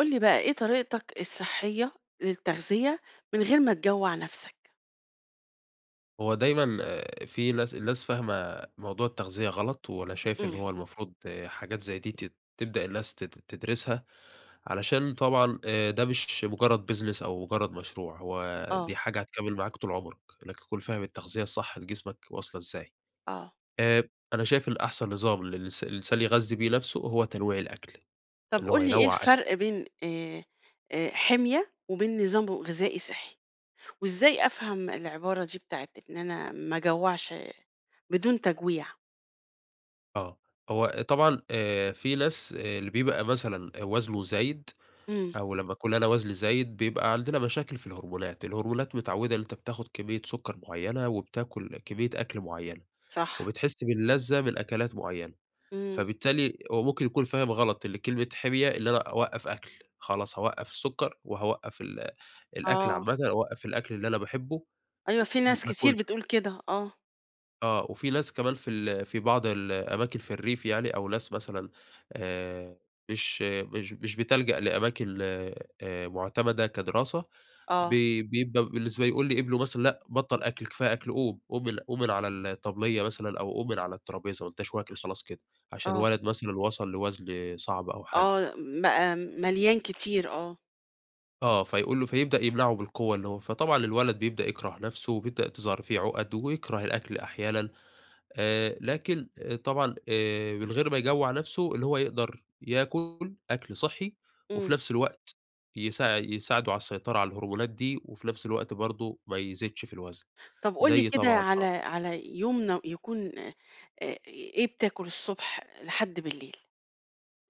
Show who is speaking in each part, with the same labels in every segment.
Speaker 1: قُل لي بقى، إيه طريقتك الصحّية للتغذية، من غير ما تجوّع نفسك؟
Speaker 2: هو دايمًا آآ في ناس الناس فاهمة موضوع التغذية غلط، وأنا شايف إن
Speaker 1: إمم.
Speaker 2: هو المفروض حاجات زي دي تت تبدأ الناس تد تدرسها. علشان طبعًا آآ ده مش مٌجرّد business أو مُجرّد مشروع، هو
Speaker 1: آه.
Speaker 2: دي حاجة هتكمّل معاك طول عُمرك. أنك تكون فاهم التغذية الصح لجسمك واصلة إزاي.
Speaker 1: آه.
Speaker 2: آآ أنا شايف إن أحسن نظام للس الإنسان يغذّي بيه نفسه، هو تنويع الأكل.
Speaker 1: طب
Speaker 2: اللي هو
Speaker 1: قُل لي، إيه
Speaker 2: ينوّع أكل
Speaker 1: الفرق بين آآ حِمية، وبين نظام ب غذائي صحّي؟ وإزاي أفهم العبارة دي، بتاعة إن أنا ما اجوّعش بدون تَجويع؟
Speaker 2: آه. هو طبعًا آآ في ناس، آآ، اللي بيبقى مثلًا وزنه زايد،
Speaker 1: إمم.
Speaker 2: أو لمّا اكون أنا وزني زايد، بيبقى عندنا مشاكل في الهرمونات. الهرمونات متعوّدة إن أنت بتاخد كميّة سكر معيّنة، وبتاكل كميّة أكل معيّنة،
Speaker 1: صح.
Speaker 2: وبتحس باللذة من أكلات معيّنة.
Speaker 1: إمم.
Speaker 2: فبالتالي هو ممكن يكون فاهم غلط، اللي كلمة حِمية، اللي أنا أوقّف أكل، خلاص هاوقّف السكر، وهاوقّف ال الأكل
Speaker 1: آه.
Speaker 2: عامةً، أوقّف الأكل اللي أنا باحبّه،
Speaker 1: أيوه، في
Speaker 2: م
Speaker 1: ناس
Speaker 2: ما
Speaker 1: كتير
Speaker 2: اكُلش.
Speaker 1: بتقول كده. آه.
Speaker 2: آه، وفي ناس كمان في ال في بعض الأماكن في الريف يعني أو ناس مثلًا، آآ مش مش مش بتلجأ لأماكن آآ معتمَدة كدراسة،
Speaker 1: آه.
Speaker 2: بي بيبقى بالنسبة يقول لابنه مثلًا: "لأ، بطَّل أكل، كفاية أكل، قوم، قوم من قوم من على الطبلية مثلًا أو قوم من على الطرابيزة ما أنتاش واكل خلاص كده." عشان
Speaker 1: آه.
Speaker 2: الولد مثلًا وصل لوزن صعب أو حاجة.
Speaker 1: آه، م مليان كتير، آه.
Speaker 2: آه فيقول له، فيبدأ يمنعه بالقوّة، اللي هو فطبعًا الولد بيبدأ يكره نفسه وبيبدأ تظهر فيه عُقَد ويكره الأكل أحيانًا، آآ لكن، طبعًا آآ من غير ما يجوع نفسه؛ اللي هو يقدر ياكل أكل صحّي، وفي
Speaker 1: امم.
Speaker 2: نفس الوقت يساع يساعده على السيطرة على الهرمونات دي، وفي نفس الوقت برضو ما يزيدش في الوزن.
Speaker 1: طب قل لي
Speaker 2: زي
Speaker 1: كده،
Speaker 2: طبعًا
Speaker 1: على
Speaker 2: آه.
Speaker 1: على يوم يكون، إيه بتأكل، الصبح لحد بالليل؟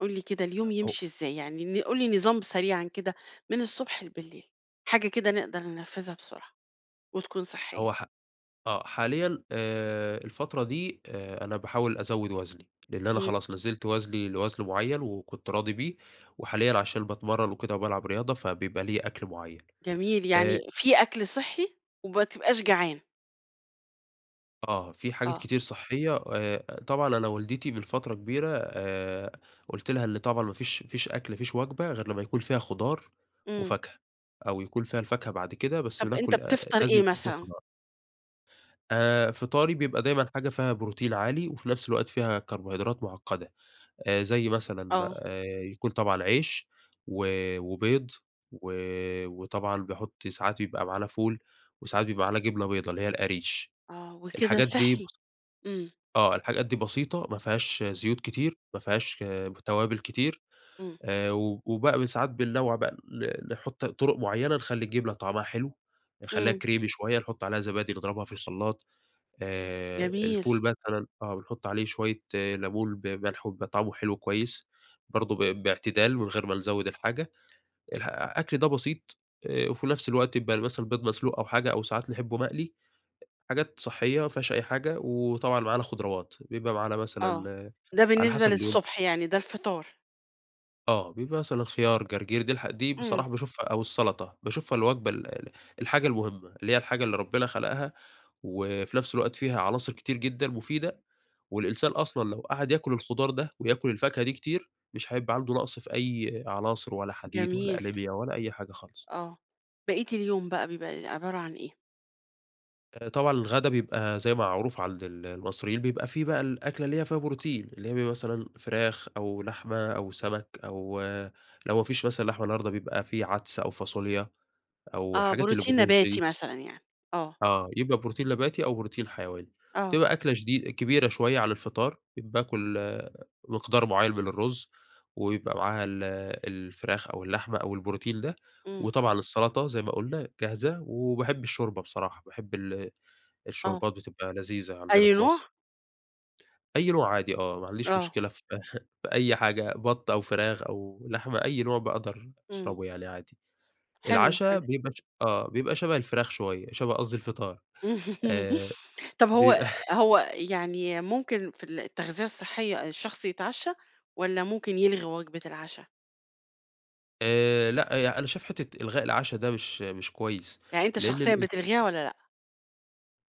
Speaker 1: قل لي كده
Speaker 2: أ
Speaker 1: اليوم
Speaker 2: أو
Speaker 1: يمشي إزاي؟ يعني قل لي نظام سريعًا كده، من الصبح لبليل، حاجة كده نقدر ننفذها بسرعة، وتكون صحية.
Speaker 2: هو ح آه، حاليًا، آآ الفترة دي، آآ أنا باحاول أزود وزني؛ لأن أنا
Speaker 1: امم.
Speaker 2: خلاص نزلت وزني لوزن معيّن وكنت راضي بيه، وحاليًا عشان باتمرّن وكده وبالعب رياضة فبيبقى ليا أكل معيّن.
Speaker 1: جميل،
Speaker 2: آآ
Speaker 1: يعني في أكل صحّي، وما تبقاش جعان.
Speaker 2: آه. في حاجات
Speaker 1: آه.
Speaker 2: كتير صحّية، و آآ طبعًا أنا والدتي من فترة كبيرة آآ، قُلت لها إن طبعًا ما فيش ما فيش أكل، ما فيش وجبة، غير لما يكون فيها خضار،
Speaker 1: إمم.
Speaker 2: وفاكهة. أو يكون فيها الفاكهة بعد كده، بس
Speaker 1: طب أنت
Speaker 2: ناكل آآ
Speaker 1: بتفطر
Speaker 2: لازم
Speaker 1: إيه
Speaker 2: يكون فيه
Speaker 1: مثلًا؟
Speaker 2: الخضار. آآ فطاري بيبقى دايمًا حاجة فيها بروتين عالي، وفي نفس الوقت فيها كربوهيدرات معقدة. آآ زي مثلًا
Speaker 1: آه.
Speaker 2: آآ يكون طبعًا عيش، و وبيض، و وطبعًا بيحُط ساعات يبقى معانا فول، وساعات بيبقى معانا جبنة بيضة، اللي هي القَريش.
Speaker 1: آه. وكده
Speaker 2: الحاجات دي
Speaker 1: صحّي. إمم.
Speaker 2: آه. الحاجات دي بسيطة، ما فيهاش زيوت كتير، ما فيهاش توابل كتير.
Speaker 1: إمم.
Speaker 2: آآ و وبقى ب ساعات بننوّع بقى ن نحُط طُرق معينة، نخلّي الجبنة طعمها حلو، نخلّيها
Speaker 1: إمم.
Speaker 2: كريمي شوية، نحُط عليها زبادي، نضربها في الخلّاط. آآ
Speaker 1: جميل.
Speaker 2: الفول مثلًا آه، بنحُط عليه شوية لَمُون بملح، وبيبقى طعمه حلو كويس. برضه ب باعتدال من غير ما نزوّد الحاجة. الح أكل ده بسيط، آآ وفي نفس الوقت يبقى مثلًا البيض مسلوق أو حاجة، أو ساعات نحبه مقلي، حاجات صحّية، ما فيهاش أي حاجة، وطبعًا معانا خضراوات، بيبقى معانا
Speaker 1: آه.
Speaker 2: مثلًا
Speaker 1: ده
Speaker 2: على
Speaker 1: بالنسبة
Speaker 2: حسب اليوم.
Speaker 1: للصبح يعني، ده الفطار.
Speaker 2: آه، بيبقى مثلًا خيار، جرجير، دي الح دي
Speaker 1: إمم.
Speaker 2: بصراحة باشوفها، أو السلطة باشوفها الوجبة ال ال الحاجة المهمة، اللي هي الحاجة اللي ربنا خلقها، وفي نفس الوقت فيها عناصر كتير جدًا مفيدة، والإنسان أصلًا لو قعد ياكل الخضار ده، وياكل الفاكهة دي كتير، مش هيبقى عنده نَقص في أي عناصر، ولا حديد ولا
Speaker 1: جميل.
Speaker 2: أنيميا ولا أي حاجة خالص.
Speaker 1: آه. باقية اليوم بقى، بيبقى إ عبارة عن إيه؟
Speaker 2: آآ طبعًا الغدا بيبقى زي ما معروف عند ال المصريين، بيبقى فيه بقى الأكلة اللي هي فيها بروتين، اللي هي بيبقى مثلًا فراخ أو لحمة أو سمك أو لو ما فيش مثلًا لحمة النهاردة؛ بيبقى فيه عدس أو فاصوليا أو
Speaker 1: آه،
Speaker 2: الحاجات اللي
Speaker 1: بروتين
Speaker 2: بالرز
Speaker 1: نباتي
Speaker 2: دي.
Speaker 1: مثلًا يعني. آه.
Speaker 2: آه، يبقى بروتين نباتي أو بروتين حيواني،
Speaker 1: آه.
Speaker 2: وتبقى أكلة شدي كبيرة شوية عن الفطار، باكل مقدار معين من الرز ويبقى معاها ال الفراخ أو اللحمة أو البروتين ده،
Speaker 1: إمم.
Speaker 2: وطبعًا السلطة زي ما قلنا جاهزة و وباحب الشوربة بصراحة، باحب ال
Speaker 1: آه.
Speaker 2: الشوربات، بتبقى لذيذة عندنا
Speaker 1: أي
Speaker 2: في مصر.
Speaker 1: نوع؟
Speaker 2: أي نوع عادي آه، ما عنديش
Speaker 1: آه.
Speaker 2: مشكلة في في أي حاجة بط أو فراخ أو لحمة، أي نوع باقدر
Speaker 1: إمم.
Speaker 2: أشربه يعني عادي.
Speaker 1: حلو،
Speaker 2: العشا
Speaker 1: حلو.
Speaker 2: بيبقى ش آه بيبقى شبه الفراخ شوية، شبه قصدي الفطار آآ
Speaker 1: طب هو
Speaker 2: بيبقى
Speaker 1: هو يعني ممكن في التغذية الصحية الشخص يتعشى، والّا ممكن يلغي وجبة العشا؟
Speaker 2: آآ لأ، يع أنا شايف حتة إلغاء العشا، ده مش مش كويّس،
Speaker 1: يعني أنت
Speaker 2: لإن
Speaker 1: شخصيًا
Speaker 2: الإلت
Speaker 1: بتلغيها والّا لأ؟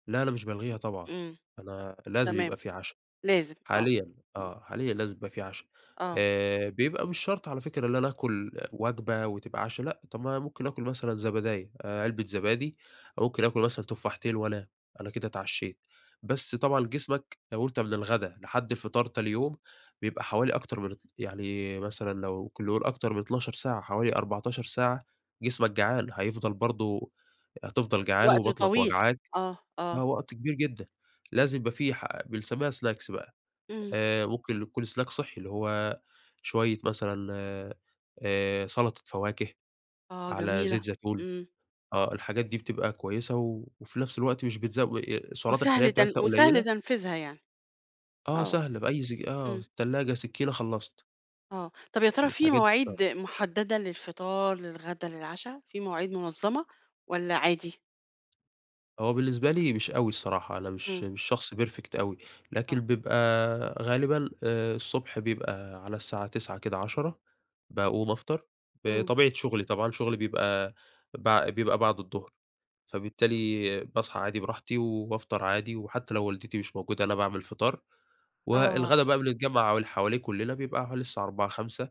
Speaker 2: لا أنا مش بالغيها طبعًا،
Speaker 1: إمم.
Speaker 2: أنا لازم
Speaker 1: تمام.
Speaker 2: يبقى في عشا،
Speaker 1: لازم آه.
Speaker 2: حاليًا آه، حاليًا لازم يبقى في عشا.
Speaker 1: آه.
Speaker 2: آآ بيبقى مش شرط على فكرة إن أنا اكُل وجبة وتبقى عشا لأ، طب ما أنا ممكن آكُل مثلًا زبداية، علبة زبادي أو ممكن آكُل مثلًا تفاحتين وانام، أنا كده اتعشيت. بس طبعًا جسمك لو أنت من الغدا لحد الفطار تاني يوم، بيبقى حوالي أكتر مرتي يعني مثلًا لو كل يوم أكتر من 12 ساعة، حوالي 14 ساعة جسمك جعان، هيفضل برضه هتفضل جعان،
Speaker 1: وقت
Speaker 2: وبطنك
Speaker 1: طويل.
Speaker 2: وجعاك.
Speaker 1: آه آه.
Speaker 2: آه وقت كبير جدًا. لازم يبقى في ح بنسميها سناكس بقى.
Speaker 1: إمم.
Speaker 2: آآ ممكن يكون سناك صحّي، اللي هو شويّة مثلًا آآ سلطة فواكه
Speaker 1: آه
Speaker 2: على
Speaker 1: جميلة.
Speaker 2: زيت زيتون،
Speaker 1: إمم.
Speaker 2: آه الحاجات دي بتبقى كويّسة، و وفي نفس الوقت مش بتزو ي السعرات الحرارية
Speaker 1: وسهل تن
Speaker 2: بتاعتها
Speaker 1: وسهل
Speaker 2: قليلة.
Speaker 1: تنفيذها يعني.
Speaker 2: آه
Speaker 1: آه.
Speaker 2: سهلة، بأي س آه
Speaker 1: إمم.
Speaker 2: التلاجة، سكينة، خلّصت.
Speaker 1: آه. طب يا ترى في
Speaker 2: الحاجات
Speaker 1: مواعيد محددة للفطار، للغدا، للعشا، في مواعيد منظّمة، والّا عادي؟
Speaker 2: هو بالنسبة لي، مش أوي الصراحة، أنا مش
Speaker 1: إمم.
Speaker 2: مش شخص perfect أوي، لكن
Speaker 1: آه.
Speaker 2: بيبقى غالبًا، آآ، الصبح بيبقى على الساعة 09:00 كده 10:00 باقوم أفطر،
Speaker 1: إمم.
Speaker 2: بطبيعة شغلي طبعًا، شغلي بيبقى بع بيبقى بعد الضُّهر، فبالتالي باصحى عادي براحتي وبافطر عادي، وحتى لو والدتي مش موجودة أنا باعمل الفطار،
Speaker 1: آه.
Speaker 2: والغدا بقى بنتجمع حواليه كلنا، بيبقى حوالي الساعة 16:00، 17:00.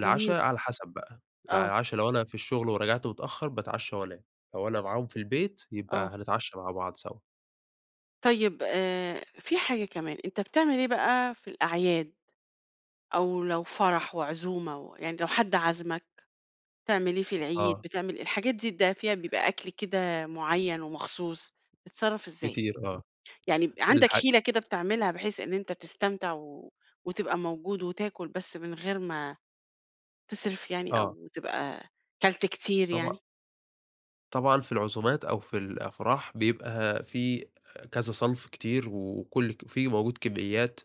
Speaker 1: جميل.
Speaker 2: على حسب بقى، يعني
Speaker 1: آه.
Speaker 2: العشا لو أنا في الشغل ورجعت متأخر باتعشى وأنام، لو أنا معاهم في البيت
Speaker 1: آه.
Speaker 2: يبقى هنتعشى مع بعض سوا.
Speaker 1: طيب، آآ، فيه حاجة كمان. أنت بتعمل إيه بقى في الأعياد؟ أو لو فرح وعزومة، يعني لو حد عازمك، بتعمل إيه في العيد،
Speaker 2: آه.
Speaker 1: بتعمل الحاجات دي ده بيبقى فيها أكل كده معيّن ومخصوص، بتتصرف إزاي؟
Speaker 2: كتير، آه.
Speaker 1: يعني عندك
Speaker 2: الح
Speaker 1: حيلة كده بتعملها بحيث إن أنت تستمتع و وتبقى موجود وتاكل، بس من غير ما تسرف يعني
Speaker 2: آه.
Speaker 1: أو تبقى كلت كتير
Speaker 2: طبعًا.
Speaker 1: يعني؟
Speaker 2: طبعًا في العزومات أو في الأفراح، بيبقى فيه كذا صنف كتير وكل فيه موجود كميّات.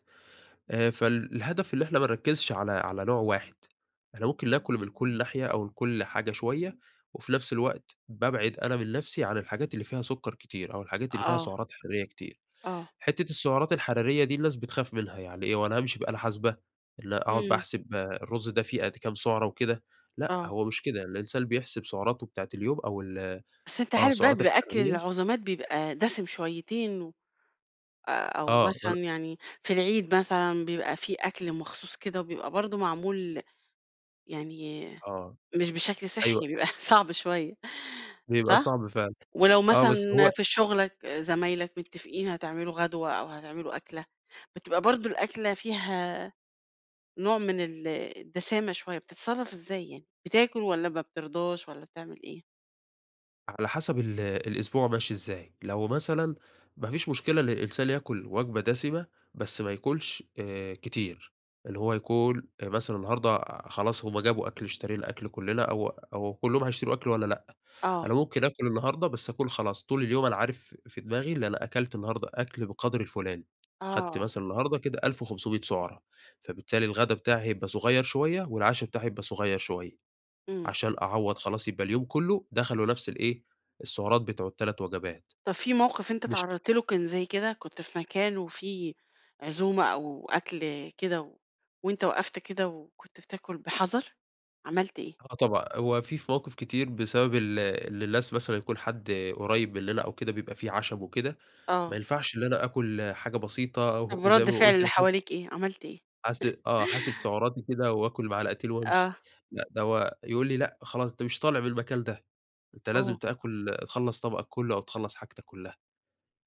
Speaker 2: آآ، فالهدف اللي إحنا ما نركزش على على نوع واحد، إحنا ممكن ناكل من كل ناحية أو من كل حاجة شوية، وفي نفس الوقت بابعد أنا من نفسي عن الحاجات اللي فيها سكر كتير أو الحاجات اللي فيها
Speaker 1: آه.
Speaker 2: سعرات حرارية كتير.
Speaker 1: آه.
Speaker 2: حتة السعرات الحرارية دي الناس بتخاف منها، يعني إيه؟ هو أنا هامشي بآلة حاسبة، إن اقعد بقى
Speaker 1: إمم.
Speaker 2: احسب الرز ده فيه قد كام سعره وكده، لأ،
Speaker 1: آه.
Speaker 2: هو مش كده الإنسان بيحسب سعراته بتاعة اليوم أو ال
Speaker 1: بس أنت
Speaker 2: آه،
Speaker 1: عارف بقى،
Speaker 2: السعرات
Speaker 1: بيبقى أكل
Speaker 2: الحرارية.
Speaker 1: العزومات بيبقى دسم شويتين، و أو
Speaker 2: آه
Speaker 1: مثلًا
Speaker 2: [unintelligible]
Speaker 1: يعني، في العيد مثلًا، بيبقى فيه أكل مخصوص كده وبيبقى برضه معمول يعني،
Speaker 2: آه.
Speaker 1: مش بشكل
Speaker 2: أيوه.
Speaker 1: صحّي، بيبقى صعب شوية
Speaker 2: بيبقى
Speaker 1: صح؟
Speaker 2: صعب فعلًا.
Speaker 1: ولو
Speaker 2: آه، بس هو
Speaker 1: مثلًا في شُغلّك، زمايلك متفقين هتعملوا غدوة أو هتعملوا أكلة، بتبقى برضه الأكلة فيها نوع من ال الدسامة شوية، بتتصرف إزاي يعني، بتاكل والّا ما بترضاش والّا بتعمل إيه؟
Speaker 2: على حسب ال الأسبوع ماشي إزاي. لو مثلا ما فيش مشكلة إن الانسان ياكُل وجبة دَسِمة، بس ما ياكُلش آآ، كتير. اللي هو يكون مثلًا النهارده خلاص هم جابوا أكل، اشترينا أكل كلنا، أو أو كلهم هيتشروا أكل وأنا لأ.
Speaker 1: آه.
Speaker 2: أنا ممكن آكُل النهارده، بس اكون خلاص، طول اليوم أنا عارف في دماغي اللي أنا أكلت النهارده أكل بالقدر الفُلاني. أخدت
Speaker 1: آه.
Speaker 2: مثلًا النهاردة كده 1500 سُعرة، فبالتالي الغدا بتاعي هيبقى صغير شوية، والعشاء بتاعي هيبقى صغير شوية.
Speaker 1: إمم.
Speaker 2: عشان أعوّض خلاص يبقى اليوم كله دخله نفس ال إيه، السُعرات بتوع ال3 وجبات.
Speaker 1: طب في موقف أنت
Speaker 2: مش
Speaker 1: اتعرّضت له كان زي كده؟ كنت في مكان وفي عزومة، أو أكل كده و وأنت وقفت كده و وكنت بتاكل بحَذَر، عملت إيه؟
Speaker 2: آه طبعًا. هو في مواقف كتير بسبب ال اللي الناس مثلًا يكون حد قريّب مننا أو كده، بيبقى فيه عَشَم وكده، ما
Speaker 1: آه.
Speaker 2: ينفعش إن أنا آكُل حاجة بسيطة،
Speaker 1: طب
Speaker 2: وزي
Speaker 1: رد
Speaker 2: ما
Speaker 1: فعل
Speaker 2: باقول
Speaker 1: اللي
Speaker 2: كده حاس
Speaker 1: حواليك إيه؟ عملت إيه؟
Speaker 2: حاس آه. حاسب سُعَراتي كده، وآكُل معلقتين وامشي.
Speaker 1: آه.
Speaker 2: لأ ده هو يقول لي: "لأ خلاص أنت مش طالع من المكان ده، أنت لازم
Speaker 1: آه.
Speaker 2: تاكل تخلّص طبقك كله، أو تخلّص حاجتك كلها."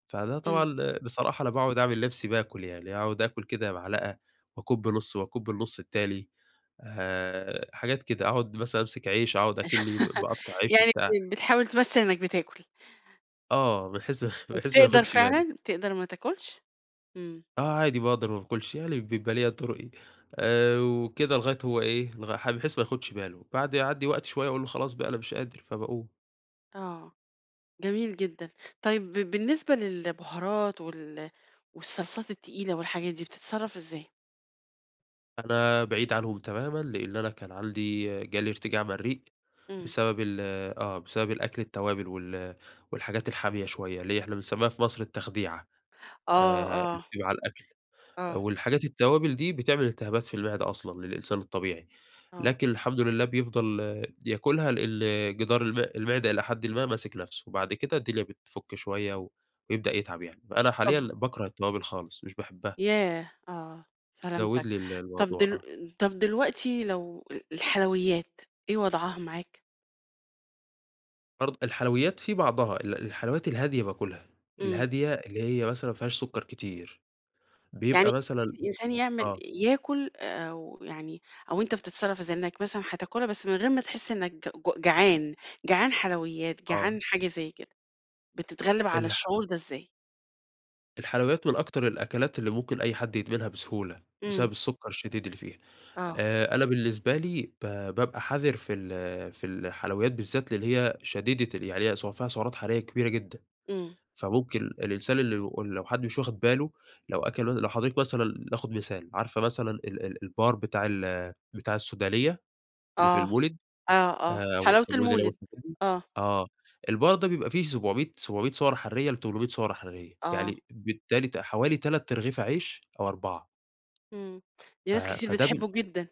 Speaker 2: فده
Speaker 1: إمم.
Speaker 2: طبعًا بصراحة أنا باقعد أعمل نفسي باكل يعني، أقعد آكُل كده معلقة واكُب نص، واكُب النص التاني. آآ حاجات كده. أقعد مثلًا، امسك عيش، أقعد أكني ب-باقطّع عيش
Speaker 1: يعني
Speaker 2: وبتاع.
Speaker 1: ب بتحاول تمثّل إنك بتاكل.
Speaker 2: آه. بحيث بحيث ما
Speaker 1: وبتقدر
Speaker 2: ياخدش باله.
Speaker 1: فعلًا، بتقدر ما تاكلش؟ إمم.
Speaker 2: آه عادي، باقدر ما باكلش يعني بيبقى ليّا طُرُقي، آآ وكده لغاية هو إيه، لغ ح بحيث ما ياخدش باله، بعد يعدّي وقت شوية، أقول له: "خلاص بقى أنا مش قادر،" فباقوم.
Speaker 1: آه. جميل جدًا. طيب ب بالنسبة للبهارات، وال والصلصات التقيلة، والحاجات دي، بتتصرّف إزاي؟
Speaker 2: أنا بعيد عنهم تمامًا، لإن أنا كان عندي جالي ارتجاع مريء،
Speaker 1: إمم.
Speaker 2: بسبب ال آه. بسبب الأكل التوابل، وال والحاجات الحامية شوية، اللي هي إحنا بنسمّيها في مصر التخديعة.
Speaker 1: آه،
Speaker 2: آآ
Speaker 1: آه.
Speaker 2: [unintelligible] الأكل.
Speaker 1: آه.
Speaker 2: والحاجات التوابل دي بتعمل التهابات في المعدة أصلًا للإنسان الطبيعي،
Speaker 1: آه.
Speaker 2: لكن الحمد لله بيفضل ياكلها، لإن جدار الم المعدة إلى حدٍ ما ماسك نفسه. وبعد كده الدنيا بتفُك شوية و ويبدأ يتعب يعني. فأنا حاليًا
Speaker 1: طبعًا.
Speaker 2: باكره التوابل خالص، مش باحبها.
Speaker 1: ياه! آه. سلامتك.
Speaker 2: بتزوّد لي ال
Speaker 1: طب
Speaker 2: الموضوع
Speaker 1: دل
Speaker 2: آه.
Speaker 1: طب دلوقتي لو ال الحلويات، إيه وضعها معاك؟
Speaker 2: برض الحلويات في بعضها ال الحلويات الهادية باكلها،
Speaker 1: إمم.
Speaker 2: الهادية اللي هي مثلًا ما فيهاش سكر كتير،
Speaker 1: يعني
Speaker 2: بيبقى
Speaker 1: [unintelligible]
Speaker 2: مثلًا
Speaker 1: الإنسان يعمل
Speaker 2: آه.
Speaker 1: ياكل، أو يعني أو أنت بتتصرّف إزاي، إنك مثلًا هتاكلها بس من غير ما تحس إنك ج جعان، جعان حلويات،
Speaker 2: آه.
Speaker 1: جعان حاجة زي كده، بتتغلّب على
Speaker 2: الح
Speaker 1: الشعور ده إزاي؟
Speaker 2: الحلويات من أكتر الأكلات اللي ممكن أي حد يدمنها بسهولة، بسبب
Speaker 1: امم.
Speaker 2: السكر الشديد اللي فيها.
Speaker 1: آه.
Speaker 2: آآ أنا بالنسبة لي، ب بابقى حذِر في ال في الحلويات بالذات، لإن هي شديدة ال يعني هي فيها سعرات حرارية كبيرة جدًا.
Speaker 1: امم.
Speaker 2: فممكن الإنسان اللي لو حد مش واخد باله، لو أكَل لو حضرتِك مثلًا ناخد مثال، عارفة مثلًا ال ال البار بتاع ال بتاع السودانية؟ اللي في
Speaker 1: آه.
Speaker 2: المولد،
Speaker 1: آه، آه،
Speaker 2: آآ
Speaker 1: حلاوة
Speaker 2: المولد
Speaker 1: المولد.
Speaker 2: [unintelligible]
Speaker 1: آه.
Speaker 2: آه. البار ده بيبقى فيه سُبع مِيّة سُبع مِيّة سعرة حرارية ل800 سعرة حرارية،
Speaker 1: آه.
Speaker 2: يعني بالتالي ت حوالي 3 أرغفة عيش أو 4
Speaker 1: امم. دي ناس
Speaker 2: آآ،
Speaker 1: كتير
Speaker 2: فده ب
Speaker 1: بتحبه جدًا.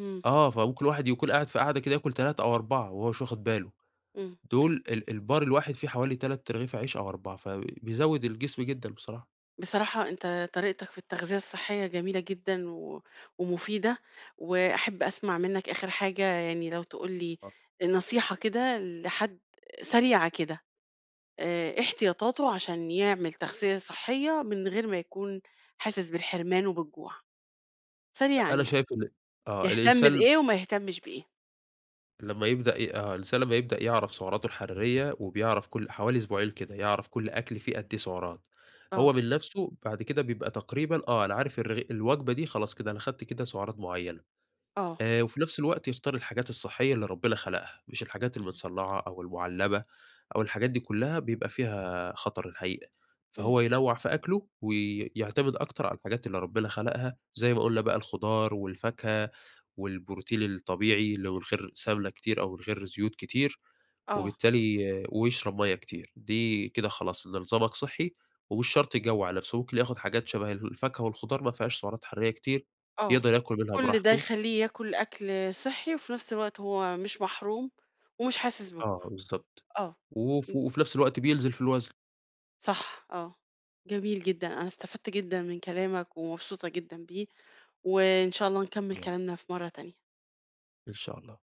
Speaker 1: امم.
Speaker 2: آه، فممكن الواحد يكون قاعد في قعدة كده، ياكل 3 أو 4 وهو مش واخد باله.
Speaker 1: امم.
Speaker 2: دول ال البار الواحد فيه حوالي 3 أرغفة عيش أو 4 فبيزود الجسم جدًا بصراحة.
Speaker 1: بصراحة أنت طريقتك في التغذية الصحية جميلة جدًا و ومفيدة، وأحب أسمع منك آخر حاجة يعني لو تقول لي،
Speaker 2: آه.
Speaker 1: نصيحة كده لحد سريعة كده. آآ إيه احتياطاته، عشان يعمل تغذية صحية، من غير ما يكون حاسس بالحرمان وبالجوع؟ سريعًا
Speaker 2: أ أنا
Speaker 1: يعني.
Speaker 2: شايف إن آه
Speaker 1: يهتم
Speaker 2: الإنسان ب
Speaker 1: بإيه وما يهتمش بإيه؟
Speaker 2: لما يبدأ ي آه، الإنسان لما يبدأ يعرف سعراته الحرارية، وبيعرف كل حوالي أسبوعين كده، يعرف كَل أكل فيه قد إيه فيه سعرات؛
Speaker 1: آه.
Speaker 2: هو من نفسه بعد كده بيبقى تقريبًا، آه، أنا عارف الرغ الوجبة دي خلاص كده، أنا خدت كده سعرات معيّنة.
Speaker 1: آه.
Speaker 2: آآ، وفي نفس الوقت يختار الحاجات الصحية اللي ربنا خلقها، مش الحاجات المتصنعة أو المعلبة أو الحاجات دي كلّها، بيبقى فيها خطر الحقيقة.
Speaker 1: امم.
Speaker 2: فهو ينوع في أكله ويعتمد أكتر على الحاجات اللي ربنا خلقها، زي ما قولنا بقى، الخضار والفاكهة والبروتين الطبيعي، اللي هو من غير سمنة كتير أو من غير زيوت كتير،
Speaker 1: آه.
Speaker 2: وبالتالي ويشرب مَيَّة كتير، دي كده خلاص إن نظامك صحّي ومش شرط يجوّع نفسه. ممكن ياخد حاجات شبه الفاكهة والخضار، ما فيهاش سعرات حراريّة كتير،
Speaker 1: آه.
Speaker 2: يقدر ياكل منها
Speaker 1: كل ده
Speaker 2: براحته.
Speaker 1: يخليه ياكل أكل صحّي، وفي نفس الوقت هو مش محروم ومش حاسس بجوع،
Speaker 2: آه بالضبط.
Speaker 1: آه.
Speaker 2: وف
Speaker 1: إمم.
Speaker 2: وفي نفس الوقت بينزل في الوزن.
Speaker 1: صح. آه. جميل جدًا. أنا استفدت جدًا من كلامك ومبسوطة جدًا بيه. وإن شاء الله نكمل
Speaker 2: تمام.
Speaker 1: كلامنا في مرّة تانية.
Speaker 2: إن شاء الله.